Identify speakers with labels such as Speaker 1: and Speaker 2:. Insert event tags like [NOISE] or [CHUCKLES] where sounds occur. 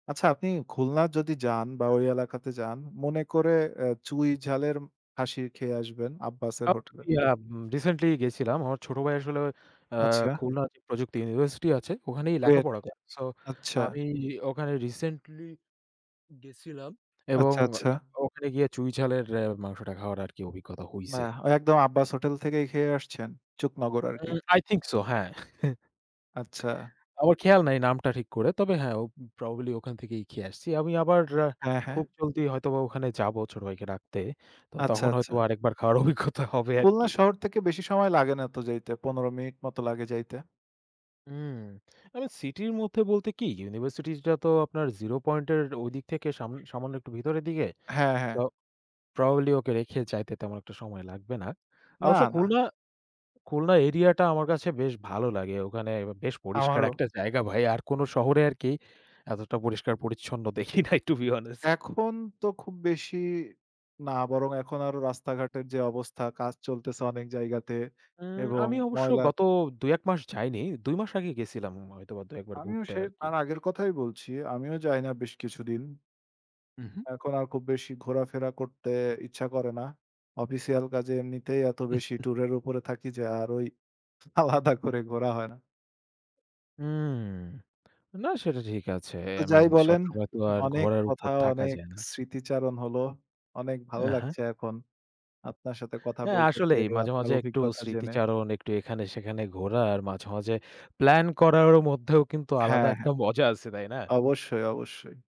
Speaker 1: আচ্ছা আপনি খুলনা যদি যান বা ওই এলাকাতে যান মনে করে অ্যা চুই ঝালের খাশি খেয়ে আসবেন আব্বাসের
Speaker 2: আপ
Speaker 1: হোটেলে।
Speaker 2: ইয়াপ, রিসেন্টলি গেছিলাম। আমার ছোট ভাই আসলে অ্যা
Speaker 1: আচ্ছা।
Speaker 2: খুলনা যে, প্রযুক্তি ইউনিভার্সিটি আছে। ওখানেই
Speaker 1: কুয়েট,
Speaker 2: লেখাপড়া করে। সো আ
Speaker 1: আচ্ছা।
Speaker 2: এই ওখানে রিসেন্টলি গেছিলাম এবং
Speaker 1: আচ্ছা, আচ্ছা।
Speaker 2: ওখানে গিয়ে চুঁই ঝালের অ্যা মাংসটা খাওয়ার আর কি অভিজ্ঞতা হইছে।
Speaker 1: [UNINTELLIGIBLE] ওই একদম আব্বাসের হোটেল থেকেই খেয়ে আসছেন, চুক নগর আর কি।
Speaker 2: অ্যা, I think so, হ্যাঁ।
Speaker 1: আচ্ছা।
Speaker 2: [CHUCKLES] আমার খেয়াল নাই নামটা ঠিক করে। তবে হ্যাঁ, ও প্রবাবলি ওখান থেকেই খেয়ে আসছি। আমি আবার অ্যা
Speaker 1: হ্যাঁ, হ্যাঁ।
Speaker 2: খুব জলদি হয়তোবা ওখানে যাবো ছোট ভাইকে রাখতে। তো
Speaker 1: আচ্ছা,
Speaker 2: তখন
Speaker 1: আচ্ছা।
Speaker 2: হয়তোবা আরেকবার খাওয়ার অভিজ্ঞতা হবে
Speaker 1: খুলনা
Speaker 2: আরকি।
Speaker 1: শহর থেকে বেশি সময় লাগে না তো যাইতে, ১৫ মিনিট মত লাগে যাইতে।
Speaker 2: উম! তবে সিটির মধ্যে বলতে কি ইউনিভার্সিটিটা তো আপনার জিরো পয়েন্ট এর ঐদিক থেকে সাম সামান্য একটু ভিতরের দিকে।
Speaker 1: হ্যাঁ,
Speaker 2: তো
Speaker 1: হ্যাঁ।
Speaker 2: প্রবাবলি ওকে রেখে যাইতে তেমন একটা সময় লাগবে না।
Speaker 1: না,
Speaker 2: অবশ্য
Speaker 1: না।
Speaker 2: খুলনা, খুলনা এরিয়াটা আমার কাছে বেশ ভালো লাগে। ওখানে বেশ পরিষ্কার
Speaker 1: আমারও।
Speaker 2: একটা জায়গা ভাই। আর কোন শহরে আরকি এতটা পরিষ্কার পরিচ্ছন্ন দেখি নাই টু বি অনেস্ট।
Speaker 1: এখন তো খুব বেশি না বরং এখন আরো রাস্তাঘাটের যে, অবস্থা কাজ চলতেছে অনেক জায়গাতে
Speaker 2: উম
Speaker 1: এবং
Speaker 2: আমি অবশ্য
Speaker 1: ময়লার
Speaker 2: গত ২ ১ মাস যাইনি। ২ মাস আগে গেছিলাম হয়তো ২ একবার
Speaker 1: আমিও
Speaker 2: ঘুরতে
Speaker 1: সে
Speaker 2: আরকি।
Speaker 1: তাঁর আগের কথাই বলছি, আমিও যাই না বেশ কিছুদিন।
Speaker 2: উহু।
Speaker 1: এখন আর খুব বেশি ঘোরাফেরা করতে ইচ্ছা করে না। অফিসিয়াল কাজে এমনিতেই এত বেশি
Speaker 2: [CHUCKLES]
Speaker 1: ট্যুরের উপরে থাকি যে, আর ওই আলাদা করে ঘোরা হয় না।
Speaker 2: উম না সেটা ঠিক আছে।
Speaker 1: তো
Speaker 2: আই
Speaker 1: যাই
Speaker 2: মিন
Speaker 1: বলেন
Speaker 2: সবসময় তো আর
Speaker 1: অনেক
Speaker 2: ঘোরার
Speaker 1: কথা
Speaker 2: উপর থাকা
Speaker 1: অনেক
Speaker 2: যায় না।
Speaker 1: স্মৃতিচারণ হলো। অনেক ভালো
Speaker 2: এহা।
Speaker 1: লাগছে এখন। আপনার সাথে কথা
Speaker 2: হ্যাঁ,
Speaker 1: বলতে
Speaker 2: আসলেই
Speaker 1: পেরে,
Speaker 2: মাঝে,
Speaker 1: আপনার
Speaker 2: মাঝে একটু
Speaker 1: অভিজ্ঞতা জেনে।
Speaker 2: স্মৃতিচারণ একটু এখানে সেখানে ঘোরার মাঝে, মাঝে প্লান করারও মধ্যেও কিন্তু আলাদা
Speaker 1: হ্যাঁ, হ্যাঁ।
Speaker 2: একটা মজা আছে, তাই না?
Speaker 1: অবশ্যই, অবশ্যই।